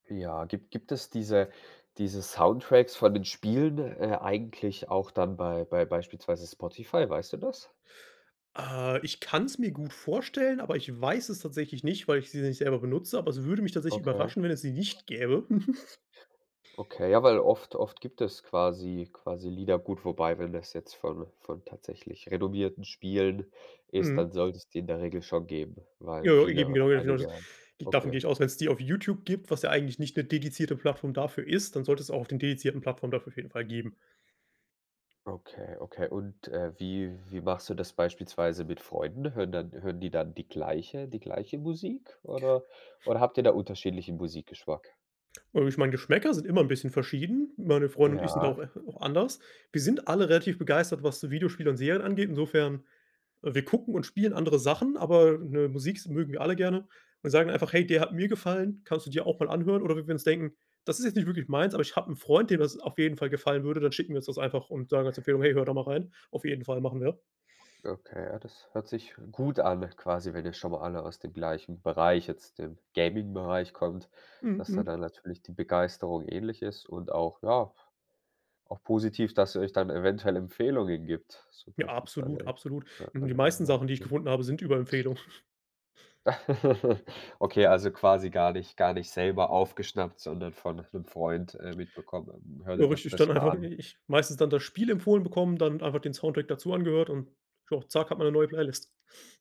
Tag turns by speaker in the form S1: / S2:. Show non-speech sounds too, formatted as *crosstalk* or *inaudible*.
S1: Ja, gibt gibt es diese diese Soundtracks von den Spielen, äh, eigentlich auch dann bei bei beispielsweise Spotify, weißt du das?
S2: Äh, ich kann's mir gut vorstellen, aber ich weiß es tatsächlich nicht, weil ich sie nicht selber benutze, aber es würde mich tatsächlich
S1: Okay.
S2: überraschen, wenn es sie nicht gäbe. *chuckles*
S1: Okay, ja, weil oft oft gibt es quasi quasi Lieder gut, wobei wenn das jetzt von von tatsächlich renommierten Spielen ist,
S2: Mhm.
S1: dann sollte es die in der Regel schon geben, weil
S2: Ja,
S1: viele
S2: eben,
S1: oder
S2: genau genau das,
S1: einige
S2: davon gehe
S1: okay.
S2: ich aus. Wenn's die auf YouTube gibt, was ja eigentlich nicht 'ne dedizierte Plattform dafür ist, dann sollte es auch auf den dedizierten Plattform dafür auf jeden Fall geben.
S1: Okay, okay. Und, äh, wie wie machst du das beispielsweise mit Freunden? Hören dann hören die dann die gleiche die gleiche Musik oder oder habt ihr da unterschiedlichen Musikgeschmack?
S2: Äh, ich meine, Geschmäcker sind immer 'n bisschen verschieden. Meine Freunde und ich sind da auch
S1: Ja.
S2: äh, auch anders. Wir sind alle relativ begeistert, was so Videospiele und Serien angeht, insofern, äh, wir gucken und spielen andere Sachen, aber, ne, Musik s mögen wir alle gerne und sagen einfach: „Hey, der hat mir gefallen, kannst du dir auch mal anhören.“ Oder wenn wir uns denken: „Das ist jetzt nicht wirklich meins, aber ich habe 'n Freund, dem das auf jeden Fall gefallen würde, dann schicken wir uns das einfach und sagen als Empfehlung, 'hey, hör da mal rein.'“ Auf jeden Fall, machen wir.
S1: Okay, ja, das hört sich gut an quasi, wenn ihr schon mal alle aus dem gleichen Bereich, jetzt dem Gamingbereich, kommt,
S2: Mhm,
S1: dass da
S2: mhm.
S1: dann natürlich die Begeisterung ähnlich ist und auch, ja, auch positiv, dass ihr euch dann eventuell Empfehlungen gebt, so
S2: Ja,
S1: beispielsweise
S2: absolut,
S1: w
S2: absolut. Ähm,
S1: wenn
S2: die
S1: ihr dann
S2: meisten
S1: mal,
S2: Sachen, die ich
S1: ne?
S2: gefunden habe, sind über Empfehlung. *snorts*
S1: *chuckles* Okay, also quasi gar nicht gar nicht selber aufgeschnappt, sondern von 'nem Freund, äh, mitbekommen. Hör
S2: Ja
S1: dir doch
S2: richtig, dann
S1: das mal
S2: einfach
S1: an.
S2: meistens dann das Spiel empfohlen bekommen, dann einfach den Soundtrack dazu angehört und tja, zack, hat man 'ne neue Playlist.